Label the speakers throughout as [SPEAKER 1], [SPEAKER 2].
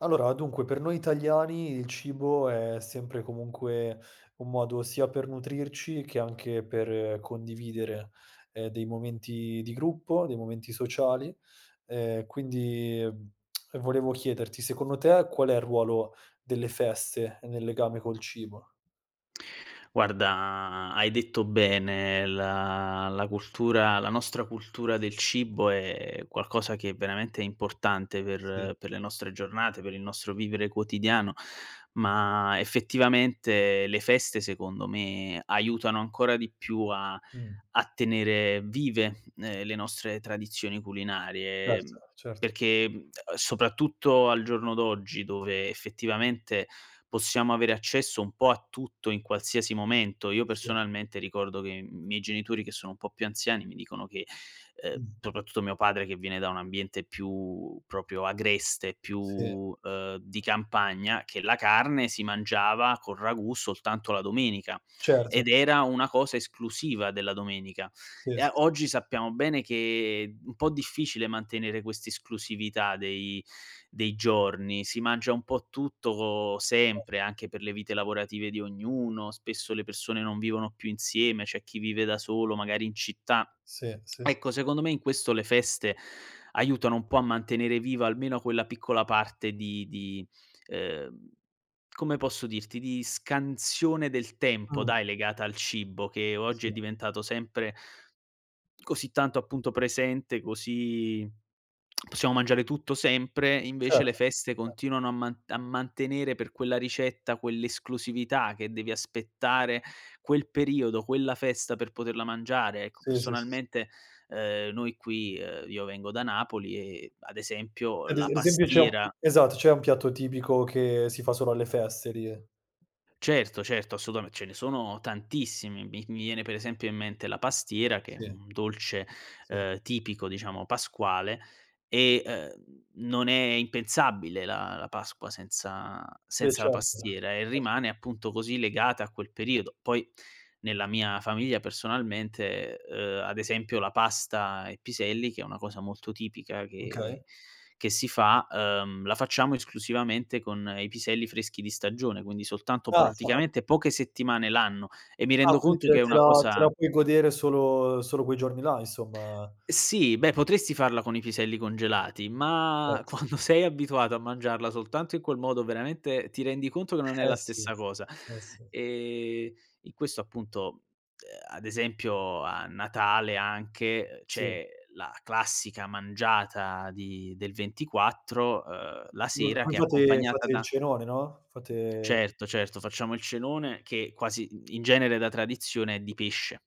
[SPEAKER 1] Allora, dunque per noi italiani il cibo è sempre comunque un modo sia per nutrirci che anche per condividere, ehm, dei momenti di gruppo, dei momenti sociali, ehm, quindi, ehm, volevo chiederti, secondo te qual è il ruolo delle feste nel legame col cibo?
[SPEAKER 2] Guarda, hai detto bene la la cultura, la nostra cultura del cibo è qualcosa che è veramente importante,
[SPEAKER 1] Sì.
[SPEAKER 2] per per le nostre giornate, per il nostro vivere quotidiano, ma effettivamente le feste secondo me aiutano ancora di più a
[SPEAKER 1] Mh-mh.
[SPEAKER 2] a tenere vive, ehm, le nostre tradizioni culinarie,
[SPEAKER 1] Certo, certo.
[SPEAKER 2] perché, mhmm, soprattutto al giorno d'oggi, dove effettivamente possiamo avere accesso un po' a tutto in qualsiasi momento, io
[SPEAKER 1] Sì.
[SPEAKER 2] personalmente ricordo che i miei genitori, che sono un po' più anziani, mi dicono che, ehm,
[SPEAKER 1] Mh.
[SPEAKER 2] soprattutto mio padre, che viene da un ambiente più proprio agreste,
[SPEAKER 1] Sì.
[SPEAKER 2] più, ehm, di campagna, che la carne si mangiava col ragù soltanto la domenica,
[SPEAKER 1] Certo.
[SPEAKER 2] ed era una cosa esclusiva della domenica.
[SPEAKER 1] Sì,
[SPEAKER 2] E a
[SPEAKER 1] s
[SPEAKER 2] oggi sappiamo bene che u un po' difficile mantenere quest'esclusività dei dei giorni. Si mangia un po' tutto co
[SPEAKER 1] Cer
[SPEAKER 2] sempre anche per le vite lavorative di ognuno, spesso le persone non vivono più insieme, c'è chi vive da solo, magari in città.
[SPEAKER 1] Sì, sì, s
[SPEAKER 2] Ecco, secondo me in questo le feste aiutano un po' a mantenere viva almeno quella piccola parte di di ehm, come posso dirti, di scansione del tempo
[SPEAKER 1] Mh.
[SPEAKER 2] dai, legata al cibo, che oggi
[SPEAKER 1] Sì.
[SPEAKER 2] è diventato sempre così tanto appunto presente, così possiamo mangiare tutto sempre, invece le
[SPEAKER 1] Certo,
[SPEAKER 2] feste
[SPEAKER 1] certo.
[SPEAKER 2] continuano a man a mantenere per quella ricetta quell'esclusività che devi aspettare quel periodo, quella festa per poterla mangiare, ecco.
[SPEAKER 1] Sì, sì, sì, sì.
[SPEAKER 2] Personalmente, ehm, noi qui, ehm, io vengo da Napoli e ad esempio
[SPEAKER 1] Ed
[SPEAKER 2] la
[SPEAKER 1] ese esempio c'è un
[SPEAKER 2] pastiera
[SPEAKER 1] esatto c'è un piatto tipico che si fa solo alle feste lì?
[SPEAKER 2] Certo, certo, assolutame ce ne sono tantissimi, mi mi viene per esempio in mente la pastiera, che è
[SPEAKER 1] Sì.
[SPEAKER 2] un dolce,
[SPEAKER 1] Sì.
[SPEAKER 2] ehm, tipico diciamo pasquale e, ehm, non è impensabile la la Pasqua senza
[SPEAKER 1] Sì,
[SPEAKER 2] senza la
[SPEAKER 1] certo
[SPEAKER 2] pastiera e
[SPEAKER 1] [unintelligible]
[SPEAKER 2] rimane appunto così legata a quel periodo. Poi nella mia famiglia personalmente, ehm, ad esempio la pasta e piselli, che è una cosa molto tipica che
[SPEAKER 1] Okay.
[SPEAKER 2] che si fa, ehm, la facciamo esclusivamente con i piselli freschi di stagione, quindi soltanto
[SPEAKER 1] Casa?
[SPEAKER 2] praticamente poche settimane l'anno, e mi
[SPEAKER 1] Ah
[SPEAKER 2] rendo
[SPEAKER 1] qui
[SPEAKER 2] conto
[SPEAKER 1] te
[SPEAKER 2] che è
[SPEAKER 1] te
[SPEAKER 2] una
[SPEAKER 1] la te
[SPEAKER 2] cosa
[SPEAKER 1] la puoi godere solo solo quei giorni là, insomma.
[SPEAKER 2] Sì beh, potresti farla con i piselli congelati
[SPEAKER 1] Cert
[SPEAKER 2] ma quando sei abituato a mangiarla soltanto in quel modo, veramente ti rendi conto che non è
[SPEAKER 1] Eh
[SPEAKER 2] la
[SPEAKER 1] sì,
[SPEAKER 2] stessa cosa.
[SPEAKER 1] eh sì.
[SPEAKER 2] Ehm, in questo appunto, ehm, ad esempio a Natale anche, ehm,
[SPEAKER 1] Sì.
[SPEAKER 2] c'è la classica mangiata di del 24, ehm, la
[SPEAKER 1] [unintelligible]
[SPEAKER 2] sera che è
[SPEAKER 1] fate
[SPEAKER 2] accompagnata
[SPEAKER 1] fate il
[SPEAKER 2] da
[SPEAKER 1] cenone no, fate, ehm
[SPEAKER 2] Certo, certo, facciamo il cenone che quasi in in genere da tradizione è di pesce,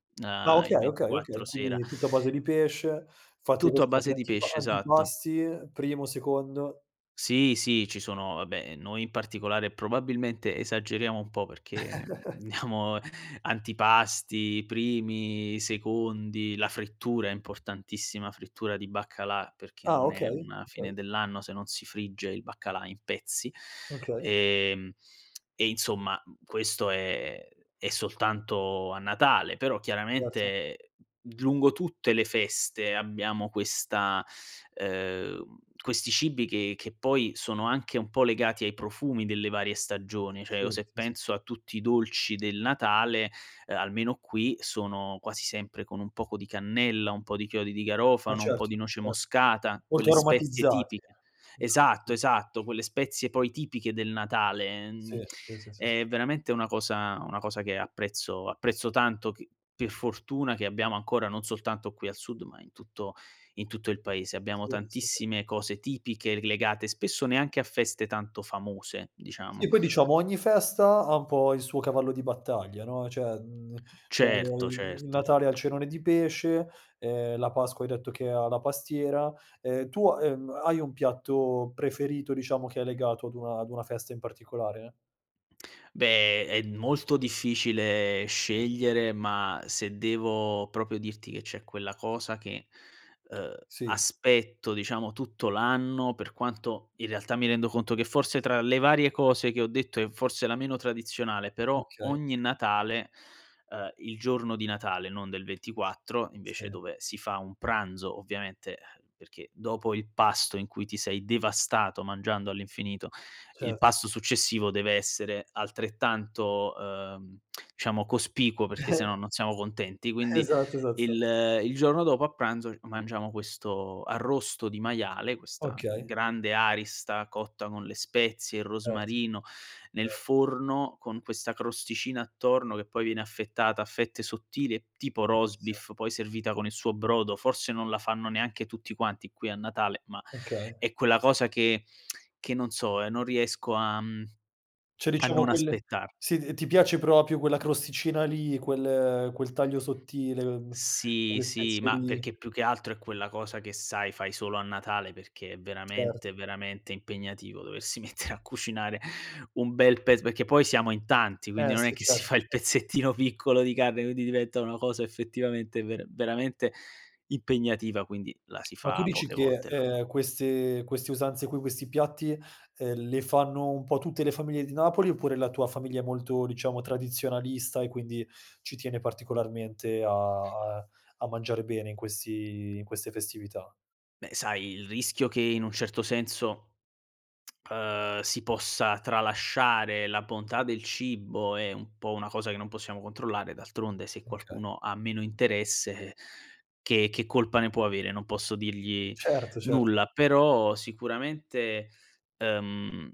[SPEAKER 1] Ah
[SPEAKER 2] ehm,
[SPEAKER 1] okay,
[SPEAKER 2] il
[SPEAKER 1] okay, okay
[SPEAKER 2] 24 sera.
[SPEAKER 1] quindi tutto a base di pesce. Fate
[SPEAKER 2] Tutto a
[SPEAKER 1] cos fatte
[SPEAKER 2] base di
[SPEAKER 1] antipa
[SPEAKER 2] pesce, esatto.
[SPEAKER 1] antipasti, primo, secondo
[SPEAKER 2] Sì, sì, ci sono, vabbè, noi in particolare probabilmente esageriamo un po' perché diamo antipasti, primi, secondi, la frittura è importantissima, frittura di baccalà perché
[SPEAKER 1] Ah,
[SPEAKER 2] non è
[SPEAKER 1] okay,
[SPEAKER 2] una fine
[SPEAKER 1] okay.
[SPEAKER 2] dell'anno se non si frigge il baccalà in pezzi.
[SPEAKER 1] Okay.
[SPEAKER 2] Ehm, e insomma, mh mhmm, questo è è soltanto a Natale, però
[SPEAKER 1] Certo.
[SPEAKER 2] chiaramente lungo tutte le feste abbiamo questa ehm, questi cibi che che poi sono anche un po' legati ai profumi delle varie stagioni. Cioè, o
[SPEAKER 1] Sì,
[SPEAKER 2] se
[SPEAKER 1] sì, sì.
[SPEAKER 2] penso a tutti i dolci del Natale, uhm, almeno qui sono quasi sempre con un poco di cannella, un po' di chiodi di
[SPEAKER 1] Ah
[SPEAKER 2] garofano, un po'
[SPEAKER 1] certo,
[SPEAKER 2] di noce
[SPEAKER 1] cer
[SPEAKER 2] moscata,
[SPEAKER 1] Molto
[SPEAKER 2] quelle spezie
[SPEAKER 1] aromatizzati,
[SPEAKER 2] tipi
[SPEAKER 1] eh. Molto
[SPEAKER 2] esatto,
[SPEAKER 1] aromatiz
[SPEAKER 2] esatto, quelle spezie poi tipiche del Natale;
[SPEAKER 1] Sì,
[SPEAKER 2] uhm,
[SPEAKER 1] sì, sì, sì, s
[SPEAKER 2] è veramente una cosa una cosa che apprezzo apprezzo tanto che per fortuna, che abbiamo ancora non soltanto qui al sud ma in tutto in tutto il paese abbiamo
[SPEAKER 1] Sì, sì, sì.
[SPEAKER 2] tantissime cose tipiche legate spesso neanche a feste tanto famose,
[SPEAKER 1] Sì,
[SPEAKER 2] diciamo.
[SPEAKER 1] poi diciamo ogni festa ha un po' il suo cavallo di battaglia no; cioè, uhm cioè, ehm,
[SPEAKER 2] Certo,
[SPEAKER 1] il
[SPEAKER 2] certo.
[SPEAKER 1] Natale ha il cenone di pesce, ehm, la Pasqua hai detto che ha la pastiera. Ehm, tu, ha ehm, hai un piatto preferito, diciamo che è legato ad una ad una festa in particolare?
[SPEAKER 2] Beh, è molto difficile scegliere ma, se devo proprio dirti che c'è quella cosa che, ehm,
[SPEAKER 1] Sì.
[SPEAKER 2] aspetto, diciamo, tutto l'anno, per quanto in realtà mi rendo conto che forse tra le varie cose che ho detto è forse la meno tradizionale, però
[SPEAKER 1] Okay.
[SPEAKER 2] ogni Natale, ehm, il giorno di Natale, non del 24 invece
[SPEAKER 1] Sì.
[SPEAKER 2] dove si fa un pranzo ovviamente, uhm, perché dopo il pasto in cui ti sei devastato mangiando all'infinito, il
[SPEAKER 1] Certo.
[SPEAKER 2] pasto successivo deve essere altrettanto, ehm, diciamo cospicuo perché se no non siamo contenti, quindi
[SPEAKER 1] Esatto, esatto, tsa
[SPEAKER 2] il il giorno dopo a pranzo mangiamo questo arrosto di maiale, questa
[SPEAKER 1] Okay.
[SPEAKER 2] grande arista cotta con le spezie, il
[SPEAKER 1] Erto.
[SPEAKER 2] rosmarino, nel
[SPEAKER 1] Cer
[SPEAKER 2] forno, con questa crosticina attorno che poi viene affettata a fette sottili e tipo roast
[SPEAKER 1] [unintelligible]
[SPEAKER 2] beef, poi servita con il suo brodo, forse non la fanno neanche tutti quanti qui a Natale ma
[SPEAKER 1] Okay.
[SPEAKER 2] è quella cosa che che non so, non riesco a mhmm,
[SPEAKER 1] Cioè,
[SPEAKER 2] a
[SPEAKER 1] diciamo
[SPEAKER 2] non
[SPEAKER 1] quelle
[SPEAKER 2] aspettar.
[SPEAKER 1] sì, t ti piace proprio quella crosticina lì, quel quel taglio sottile, ehm,
[SPEAKER 2] Sì,
[SPEAKER 1] quelle
[SPEAKER 2] sì,
[SPEAKER 1] spezie
[SPEAKER 2] ma
[SPEAKER 1] lì.
[SPEAKER 2] perché più che altro è quella cosa che sai, fai solo a Natale perché è
[SPEAKER 1] Certo.
[SPEAKER 2] veramente, veramente impegnativo doversi mettere a cucinare, un bel pez perché poi siamo in tanti, quindi
[SPEAKER 1] E
[SPEAKER 2] non è
[SPEAKER 1] sì,
[SPEAKER 2] che si
[SPEAKER 1] certo
[SPEAKER 2] fa il
[SPEAKER 1] cer
[SPEAKER 2] pezzettino piccolo di carne, quindi diventa una cosa effettivamente ver veramente impegnativa, quindi la si
[SPEAKER 1] Ma tu
[SPEAKER 2] fa
[SPEAKER 1] dici
[SPEAKER 2] poche
[SPEAKER 1] che,
[SPEAKER 2] volte l'a
[SPEAKER 1] ehm, queste queste usanze qui, questi piatti, ehm, le fanno un po' tutte le famiglie di Napoli, oppure la tua famiglia è molto, diciamo, tradizionalista e quindi ci tiene particolarmente a a a mangiare bene in questi in queste festività?
[SPEAKER 2] Beh sai il rischio che in un certo senso, ehm, si possa tralasciare la bontà del cibo è un po' una cosa che non possiamo controllare, d'altronde se
[SPEAKER 1] Un che
[SPEAKER 2] qualcuno ha meno interesse che che colpa ne può avere, non posso dirgli
[SPEAKER 1] Certo cert
[SPEAKER 2] nulla; però sicuramente, ehm,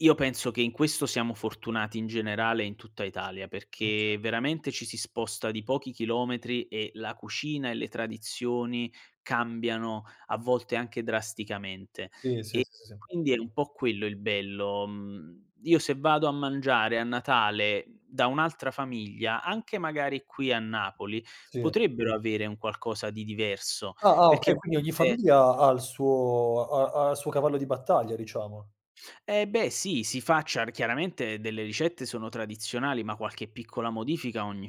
[SPEAKER 2] io penso che in questo siamo fortunati in generale in tutta Italia,
[SPEAKER 1] Oka
[SPEAKER 2] perché veramente ci si sposta di pochi chilometri e la cucina e le tradizioni cambiano a volte anche drasticamente,
[SPEAKER 1] Sì, sì, sì, sì,
[SPEAKER 2] e
[SPEAKER 1] sì, sì.
[SPEAKER 2] quindi è un po' quello il bello. Uhm, io se vado a mangiare a Natale da un'altra famiglia, anche magari qui a Napoli,
[SPEAKER 1] Sì.
[SPEAKER 2] potrebbero avere un qualcosa di diverso;
[SPEAKER 1] Ah, ah
[SPEAKER 2] perché
[SPEAKER 1] okay,
[SPEAKER 2] a
[SPEAKER 1] quindi ogni
[SPEAKER 2] volte
[SPEAKER 1] famiglia ha ha il suo ha ha il suo cavallo di battaglia, diciamo.
[SPEAKER 2] Eh beh sì, si facciar chiaramente delle ricette sono tradizionalim ma qualche piccola modifica ogni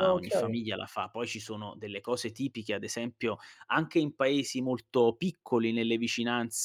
[SPEAKER 1] Ah
[SPEAKER 2] ogni
[SPEAKER 1] okay.
[SPEAKER 2] famiglia la fa. Poi ci sono delle cose tipiche, ad esempio anche in paesi molto piccoli nelle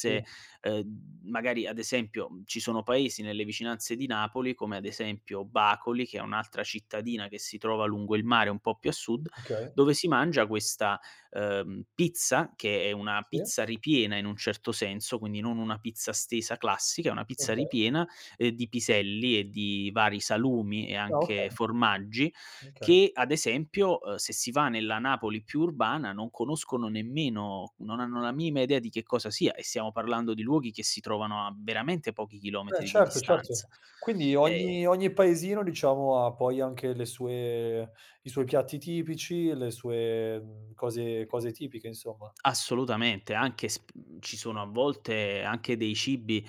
[SPEAKER 1] Sì.
[SPEAKER 2] ehm, magari ad esempio ci sono paesi nelle vicinanze di Napoli, come ad esempio Bacoli, che è un'altra cittadina che si trova lungo il mare un po' più a sud,
[SPEAKER 1] Okay.
[SPEAKER 2] dove si mangia questa, ehm, pizza, che è una
[SPEAKER 1] Sì.
[SPEAKER 2] pizza ripiena in un certo senso, quindi non una pizza stesa classica, è una pizza
[SPEAKER 1] Okay.
[SPEAKER 2] ripiena, ehm, di piselli e di vari salumi e
[SPEAKER 1] Ah
[SPEAKER 2] anche
[SPEAKER 1] okay.
[SPEAKER 2] formaggi
[SPEAKER 1] Okay.
[SPEAKER 2] che, ad esempio, ehm, se si va nella Napoli più urbana non conoscono nemmeno, non hanno la minima idea di che cosa sia, e siamo parlando di luoghi che si trovano a veramente pochi
[SPEAKER 1] Beh
[SPEAKER 2] chilometri di
[SPEAKER 1] certo, certo.
[SPEAKER 2] distanza.
[SPEAKER 1] Quindi
[SPEAKER 2] Ehm
[SPEAKER 1] ogni ogni paesino diciamo, ha poi anche le sue i suoi piatti tipici e le sue, mhmm, cose cose tipiche insomma.
[SPEAKER 2] Assolutamente, anche s pu ci sono a volte anche dei cibi,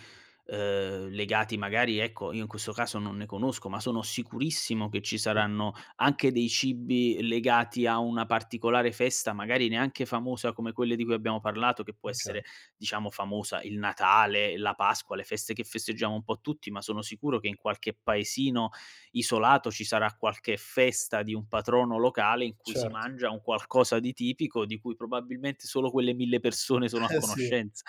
[SPEAKER 2] ehm, legati magari, ecco, io in questo caso non ne conosco ma sono sicurissimo che ci
[SPEAKER 1] Sì.
[SPEAKER 2] saranno anche dei cibi legati a una particolare festa, magari neanche famosa come quelle di cui abbiamo parlato, che può
[SPEAKER 1] Okay.
[SPEAKER 2] essere diciamo famosa, il Natale, la Pasqua, le feste che festeggiamo un po' tutti ma sono sicuro che in qualche paesino isolato ci sarà qualche festa di un patrono locale in cui si
[SPEAKER 1] Certo.
[SPEAKER 2] mangia un qualcosa di tipico, di cui probabilmente solo quelle 1000 persone sono a
[SPEAKER 1] Eh sì.
[SPEAKER 2] conoscenza.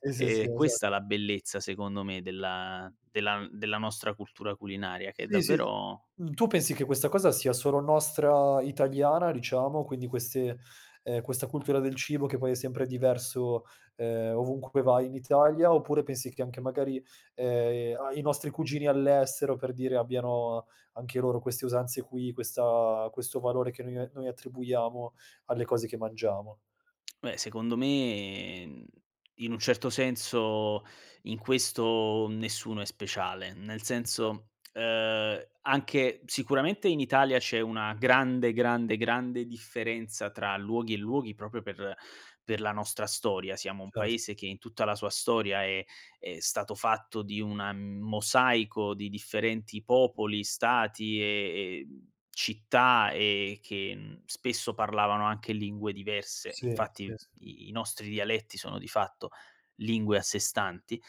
[SPEAKER 1] Sì, sì, sì,
[SPEAKER 2] È
[SPEAKER 1] esa
[SPEAKER 2] questa la bellezza secondo me della della n della nostra cultura culinaria, che è
[SPEAKER 1] Sì, sì.
[SPEAKER 2] davvero
[SPEAKER 1] Mhmm, tu pensi che questa cosa sia solo nostra italiana diciamo, quindi queste ehm, questa cultura del cibo che poi è sempre diverso, ehm, ovunque poi vai in Italia, oppure pensi che anche magari, ehm, a i nostri cugini all'estero per dire abbiano anche loro queste usanze qui, questa questo valore che noi noi attribuiamo alle cose che mangiamo?
[SPEAKER 2] Beh secondo me, mhmm, in un certo senso in questo nessuno è speciale, nel
[SPEAKER 1] Oka
[SPEAKER 2] senso, ehm, anche sicuramente in Italia c'è una grande, grande, grande differenza tra luoghi e luoghi, proprio per per la nostra storia. Siamo un
[SPEAKER 1] Cerz
[SPEAKER 2] paese che in tutta la sua storia è è stato fatto di una mosaico di differenti popoli, stati e, ehm, città e che n spesso parlavano anche lingue diverse,
[SPEAKER 1] Sì,
[SPEAKER 2] infatti
[SPEAKER 1] sì,
[SPEAKER 2] i
[SPEAKER 1] sì
[SPEAKER 2] i nostri dialetti sono di fatto lingue a sé stanti;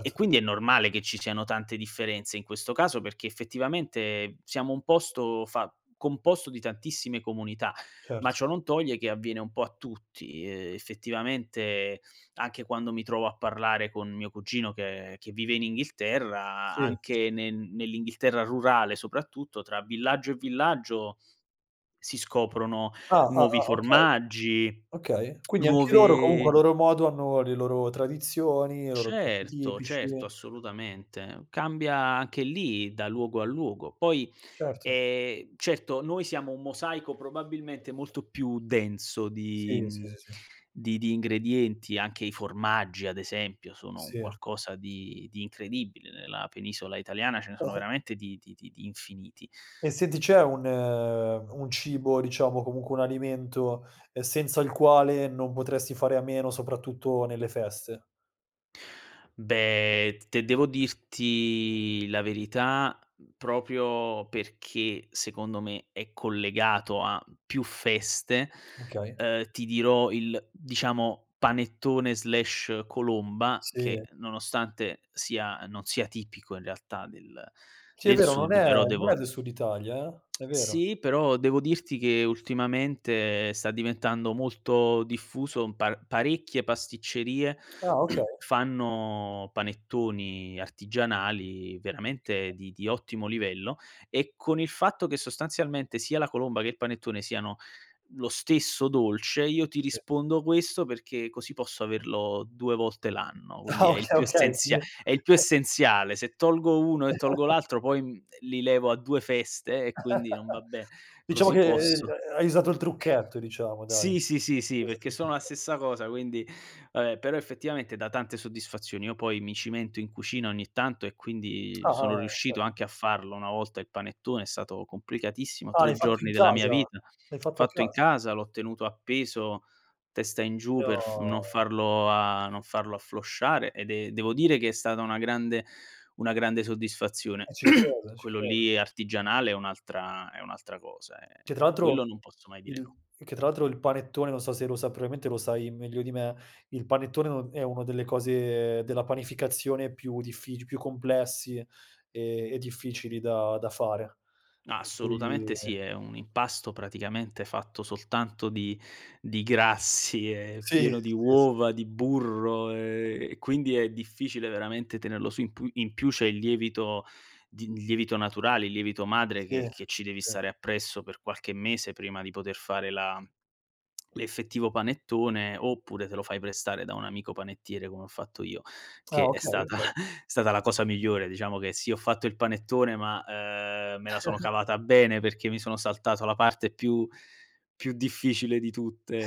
[SPEAKER 2] e quindi è normale che ci siano tante differenze in questo caso, perché effettivamente siamo un posto fa composto di tantissime comunità, ma
[SPEAKER 1] Cert
[SPEAKER 2] ciò non toglie che avviene un po' a tutti, ehm, effettivamente anche quando mi trovo a parlare con mio cugino, che che vive in Inghilterra, a
[SPEAKER 1] Sì.
[SPEAKER 2] anche ne nell'Inghilterra rurale soprattutto, tra villaggio e villaggio si scoprono
[SPEAKER 1] Ah, ah, ah,
[SPEAKER 2] nuovi
[SPEAKER 1] ah, okay.
[SPEAKER 2] formaggi,
[SPEAKER 1] Okay. Quindi anche loro comunque a
[SPEAKER 2] nuove
[SPEAKER 1] loro modo hanno le loro tradizioni, i loro piatti
[SPEAKER 2] Certo,
[SPEAKER 1] tipici
[SPEAKER 2] certo, assolutamente. Cambia anche lì da luogo a luogo. Poi,
[SPEAKER 1] Certo.
[SPEAKER 2] ehm, certo noi siamo un mosaico probabilmente molto più denso di
[SPEAKER 1] Sì, sì,
[SPEAKER 2] mhmm,
[SPEAKER 1] sì, sì.
[SPEAKER 2] di di ingredienti. Anche i formaggi ad esempio sono un
[SPEAKER 1] Sì.
[SPEAKER 2] qualcosa di di incredibile nella penisola italiana, ce ne sono
[SPEAKER 1] Ah-ah.
[SPEAKER 2] veramente di di di di infiniti.
[SPEAKER 1] E senti, c'è un un cibo diciamo, comunque un alimento, ehm, senza il quale non potresti fare a meno, soprattutto nelle feste?
[SPEAKER 2] Beh, t te devo dirti la verità, mhmm, proprio perché secondo me è collegato a più feste,
[SPEAKER 1] Okay.
[SPEAKER 2] ehm, ti dirò il, diciamo, panettone/colomba,
[SPEAKER 1] Sì.
[SPEAKER 2] che nonostante sia non sia tipico in realtà del
[SPEAKER 1] Sì,
[SPEAKER 2] del
[SPEAKER 1] però non
[SPEAKER 2] sud,
[SPEAKER 1] è
[SPEAKER 2] però devo
[SPEAKER 1] non è del sud Italia eh, è vero.
[SPEAKER 2] Sì, però devo dirti che ultimamente sta diventando molto diffuso, par parecchie pasticcerie
[SPEAKER 1] Ah okay.
[SPEAKER 2] fanno panettoni artigianali veramente
[SPEAKER 1] Okay.
[SPEAKER 2] di di ottimo livello, e con il fatto che sostanzialmente sia la colomba che il panettone siano lo stesso dolce, io ti
[SPEAKER 1] Sì.
[SPEAKER 2] rispondo questo perché così posso averlo 2 volte l'anno, quindi
[SPEAKER 1] Ah
[SPEAKER 2] è il
[SPEAKER 1] okay,
[SPEAKER 2] più
[SPEAKER 1] okay
[SPEAKER 2] essenzia è il più
[SPEAKER 1] [unintelligible]
[SPEAKER 2] essenziale: se tolgo uno e tolgo l'altro poi, mhmm, ehm, li levo a 2 feste e quindi non va be
[SPEAKER 1] Diciamo
[SPEAKER 2] così
[SPEAKER 1] che, ehm,
[SPEAKER 2] posso.
[SPEAKER 1] ha hai usato il trucchetto, diciamo dai.
[SPEAKER 2] Sì, sì, sì, sì,
[SPEAKER 1] Hai
[SPEAKER 2] perché
[SPEAKER 1] usato il
[SPEAKER 2] sono la
[SPEAKER 1] trucche
[SPEAKER 2] stessa cosa quindi ehm, però effettivamente dà tante soddisfazioni. Io poi mi cimento in cucina ogni tanto e quindi
[SPEAKER 1] Ah, ah, ah,
[SPEAKER 2] sono
[SPEAKER 1] ah, okay.
[SPEAKER 2] riuscito anche a farlo una volta il panettone, è stato complicatissimo,
[SPEAKER 1] Ah, l'hai
[SPEAKER 2] 3
[SPEAKER 1] fatto in
[SPEAKER 2] giorni della mia
[SPEAKER 1] casa?
[SPEAKER 2] vita,
[SPEAKER 1] L'hai fatto a
[SPEAKER 2] fatto in
[SPEAKER 1] casa?
[SPEAKER 2] casa, l'ho tenuto appeso testa in giù per f non
[SPEAKER 1] No!
[SPEAKER 2] farlo a non farlo afflosciare ed e devo dire che è stata una grande una grande soddisfazione.
[SPEAKER 1] Eh ci credo, ci
[SPEAKER 2] Quello
[SPEAKER 1] credo.
[SPEAKER 2] lì artigianale è un'altra è un'altra cosa, eh.
[SPEAKER 1] Che tra l'altro
[SPEAKER 2] Quello non posso mai dire no.
[SPEAKER 1] il che tra l'altro il panettone, non so se lo sa probabilmente lo sai meglio di me, il panettone è un è una delle cose della panificazione più diffici più complessi e e e difficili da da fare. Per cui,
[SPEAKER 2] Assolutamente
[SPEAKER 1] eh
[SPEAKER 2] sì, è un impasto praticamente fatto soltanto di di grassi, è
[SPEAKER 1] Sì, s
[SPEAKER 2] pieno di
[SPEAKER 1] eh s
[SPEAKER 2] uova, di burro e quindi è difficile veramente tenerlo su in pu in più c'è il lievito di lievito naturale, il lievito madre
[SPEAKER 1] Sì,
[SPEAKER 2] che che ci devi
[SPEAKER 1] sì.
[SPEAKER 2] stare appresso per qualche mese prima di poter fare la l'effettivo panettone, oppure te lo fai prestare da un amico panettiere come ho fatto io
[SPEAKER 1] Ah
[SPEAKER 2] che è
[SPEAKER 1] okay,
[SPEAKER 2] stata
[SPEAKER 1] okay.
[SPEAKER 2] è stata la cosa migliore. Diciamo che sì, ho fatto il panettone ma, ehm, me la sono cavata bene perché mi sono saltato la parte più più difficile di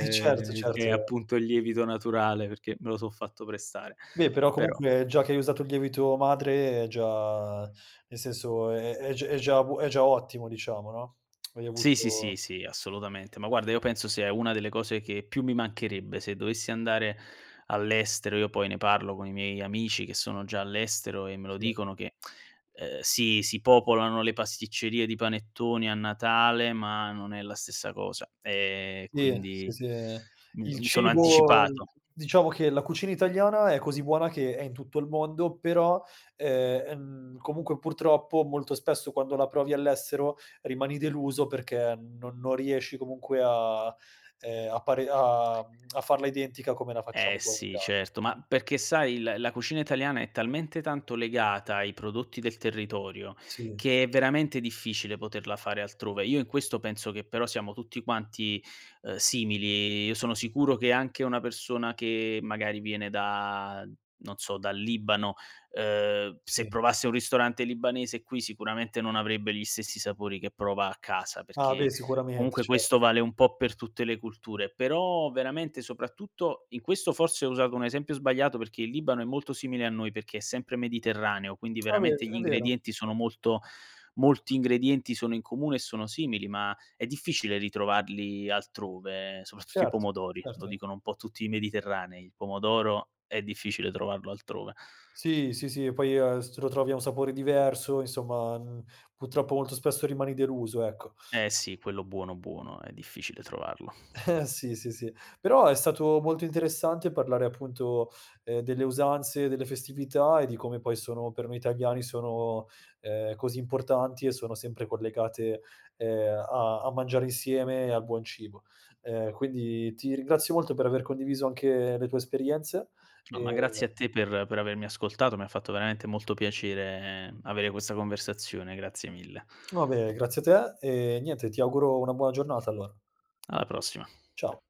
[SPEAKER 1] Eh certo,
[SPEAKER 2] che è
[SPEAKER 1] certo.
[SPEAKER 2] appunto il lievito naturale perché me lo so' fatto prestare;
[SPEAKER 1] Beh, però
[SPEAKER 2] però
[SPEAKER 1] comunque già che hai usato il lievito madre è già nel senso, è è g è già bu è già ottimo diciamo no. Hai
[SPEAKER 2] Sì, sì,
[SPEAKER 1] avuto
[SPEAKER 2] sì, sì assolutamente. Ma guarda io penso sia una delle cose che più mi mancherebbe se dovessi andare all'estero. Io poi ne parlo con i miei amici che sono già all'estero e me lo
[SPEAKER 1] Sì.
[SPEAKER 2] dicono che, ehm, si si popolano le pasticcerie di panettoni a Natale, ma non è la stessa cosa, e
[SPEAKER 1] Sì, s
[SPEAKER 2] quindi
[SPEAKER 1] sì, ehm,
[SPEAKER 2] m
[SPEAKER 1] il
[SPEAKER 2] mi sono
[SPEAKER 1] cibo
[SPEAKER 2] anticipato.
[SPEAKER 1] diciamo che la cucina italiana è così buona che è in tutto il mondo però, e ehm, comunque purtroppo molto spesso quando la provi all'estero rimani deluso perché non non riesci comunque a ehm, a pare a uhm, a farla identica come la
[SPEAKER 2] Eh
[SPEAKER 1] facciamo qua in Ita
[SPEAKER 2] sì, certo, ma perché sai il la cucina italiana è talmente tanto legata ai prodotti del territorio
[SPEAKER 1] Sì,
[SPEAKER 2] che
[SPEAKER 1] s
[SPEAKER 2] è veramente difficile poterla fare altrove. Io in questo penso che però siamo tutti quanti, ehm, simili. Io sono sicuro che anche una persona che, magari viene da non so, dal Libano, ehm, se
[SPEAKER 1] Sì.
[SPEAKER 2] provasse un ristorante libanese qui sicuramente non avrebbe gli stessi sapori che prova a casa,
[SPEAKER 1] Ah beh
[SPEAKER 2] perché
[SPEAKER 1] sicuramente,
[SPEAKER 2] comunque
[SPEAKER 1] cer
[SPEAKER 2] questo vale un po' per tutte le culture. Però veramente soprattutto in questo forse ho usato un esempio sbagliato perché il Libano è molto simile a noi, perché è sempre mediterraneo quindi
[SPEAKER 1] A ve
[SPEAKER 2] veramente
[SPEAKER 1] s
[SPEAKER 2] gli
[SPEAKER 1] è vero.
[SPEAKER 2] ingredienti sono
[SPEAKER 1] [unintelligible]
[SPEAKER 2] molto molti ingredienti sono in comune e sono simili ma è difficile ritrovarli altrove, soprattutto i
[SPEAKER 1] Certo,
[SPEAKER 2] pomodori, lo
[SPEAKER 1] certo.
[SPEAKER 2] dicono un po' tutti i mediterranei: il pomodoro è difficile trovarlo altrove.
[SPEAKER 1] Sì, sì, sì, poi, ehm, s lo trovi a un sapore diverso, insomma, uhm, purtroppo molto spesso rimani deluso, ecco.
[SPEAKER 2] Eh sì, quello buono, buono è difficile trovarlo.
[SPEAKER 1] Eh sì, sì, sì. Però è stato molto interessante parlare appunto, ehm, delle usanze e delle festività e di come poi sono per noi italiani sono, ehm, così importanti e sono sempre collegate, ehm, a a mangiare insieme e al buon cibo. Ehm, quindi ti ringrazio molto per aver condiviso anche le tue esperienze
[SPEAKER 2] No, ma
[SPEAKER 1] e
[SPEAKER 2] grazie a te per per avermi ascoltato, mi ha fatto veramente molto piacere avere questa conversazione, grazie mille.
[SPEAKER 1] Va bene, grazie a te e niente, ti auguro una buona giornata allora.
[SPEAKER 2] Alla prossima.
[SPEAKER 1] Ciao.